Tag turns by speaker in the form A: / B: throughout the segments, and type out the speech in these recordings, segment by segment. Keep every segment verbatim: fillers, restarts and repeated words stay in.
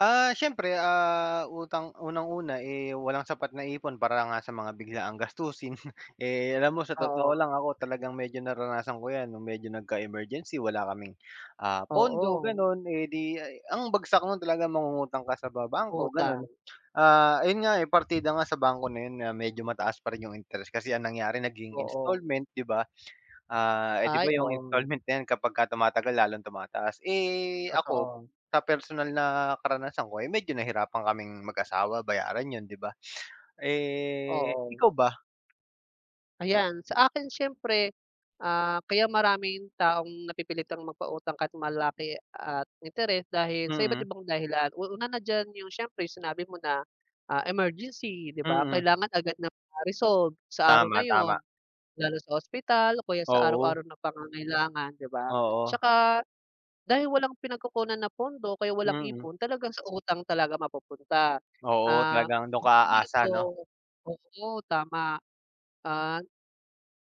A: Ah, siyempre, ah, utang unang-una, eh, walang sapat na ipon para nga sa mga biglaang gastusin. Eh, alam mo, sa
B: Oo.
A: totoo lang ako talagang medyo naranasan ko 'yan no'ng medyo nagka-emergency, wala kaming, ah, pondo,
B: Oo.
A: gano'n, eh, 'di ay ang bagsak no'n talaga mangungutang ka sa ba bangko gano'n.
B: Utang.
A: Ah, ayun nga, eh, partida nga sa bangko na 'yon na medyo mataas pa rin 'yong interest kasi ang nangyari naging
B: Oo.
A: installment, 'di ba. Ah, eh, 'di ba,
B: Ay
A: 'yong
B: oo.
A: installment na 'yan kapagka tumatagal lalong tumataas. Eh, ako,
B: Totoo.
A: sa personal na karanasan ko ay medyo nahirapan kaming mag-asawa bayaran 'yon, 'di ba. Eh,
B: Oo.
A: ikaw ba?
B: Ayan. Sa akin, siyempre, ah, kaya maraming taong napipilitang magpautang kahit malaki at interes dahil sa iba't
A: Mm.
B: ibang dahilan. U una na diyan, 'yong siyempre 'yong sinabi mo na, ah, emergency, 'di ba,
A: Mm.
B: kailangan agad na ma-resolve sa araw
A: Tama,
B: na 'yon,
A: tama.
B: lalo sa ospital o kaya sa
A: Oo.
B: araw-araw na pangangailangan, 'di ba.
A: Oo.
B: 'Tsaka, dahil walang pinagkukunan na pondo kaya walang
A: Mm.
B: ipon talagang sa utang talaga mapupunta.
A: Oo,
B: Ah,
A: talagang doon ka
B: bukod
A: aasa,
B: dito,
A: 'no.
B: oo, tama, an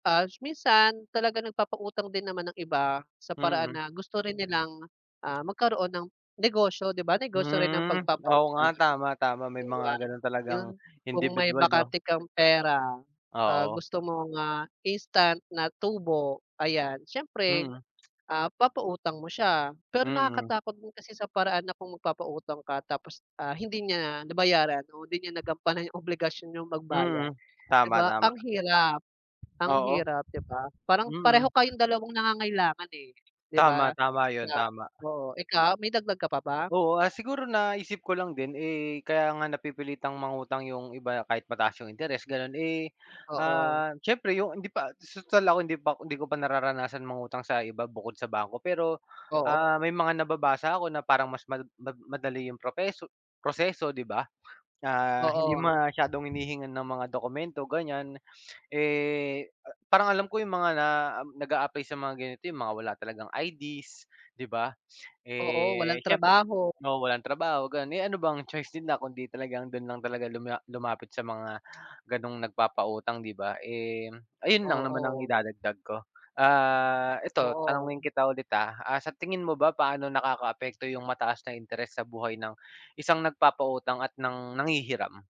B: tas minsan talaga nagpapautang din naman ang iba sa paraan
A: Mm.
B: na gusto rin nilang, ah, magkaroon ng negosyo, 'di ba, negosyo rin ang
A: Hmm, oo nga,
B: pagpapautang,
A: tama, tama. May
B: 'di
A: mga
B: ba.
A: gano'n talagang
B: 'Yon, kung may
A: indibidwal. 'no.
B: bakante kang pera, ah,
A: Oo.
B: gusto mong, ah, instant na tubo, ayan, siyempre,
A: Mm.
B: ah, papautang mo siya. Pero
A: Mm.
B: nakakatakot din kasi sa paraan na kung magpapautang ka tapos, ah, hindi niya nabayaran o hindi niya nagampanan 'yong obligasyon niyang magbayad,
A: Mm.
B: 'di
A: Tama.
B: ba.
A: tama.
B: Ang hirap, ang
A: Oo,
B: hirap, 'di ba, parang pareho
A: mm.
B: kayong dalawang nangangailangan, eh, 'di
A: Tama,
B: ba,
A: tama 'yon.
B: sa
A: Tama.
B: oo. Ikaw, may dagdag ka pa ba?
A: Oo. Ah, siguro naisip ko lang din, eh, kaya nga napipilitang mangutang 'yong iba, kahit mataas 'yong interes, gano'n, eh,
B: Oo.
A: ah, siyempre 'yong hindi pa 'di su tal ako hindi pa ko hindi ko pa nararanasan mangutang sa iba bukod sa bangko. Pero,
B: Oo.
A: ah, may mga nababasa ako na parang mas ma ma madali 'yong propeso proseso, 'di ba, ah, hindi
B: Oo.
A: masyadong hinihingan ng mga dokumento, ganiyan. Eh, a parang alam ko 'yong mga na um, nag-aaply sa mga ganito 'yong mga wala talagang I-Ds, 'di ba.
B: Oo, walang
A: Eh, siyemp
B: trabaho.
A: oo, walang trabaho, gano'n, eh, ano bang choice nila kundi talagang do'n lang talaga luma lumapit sa mga gano'ng nagpapautang, 'di ba. Eh, ayun lang naman ang
B: Oo.
A: idadagdag ko. Ah, ito tanungin
B: Oo.
A: kita ulit, ah, ah, sa tingin mo ba, paano nakakaapekto 'yong mataas na interes sa buhay ng, isang nagpapautang at ng nanghihiram?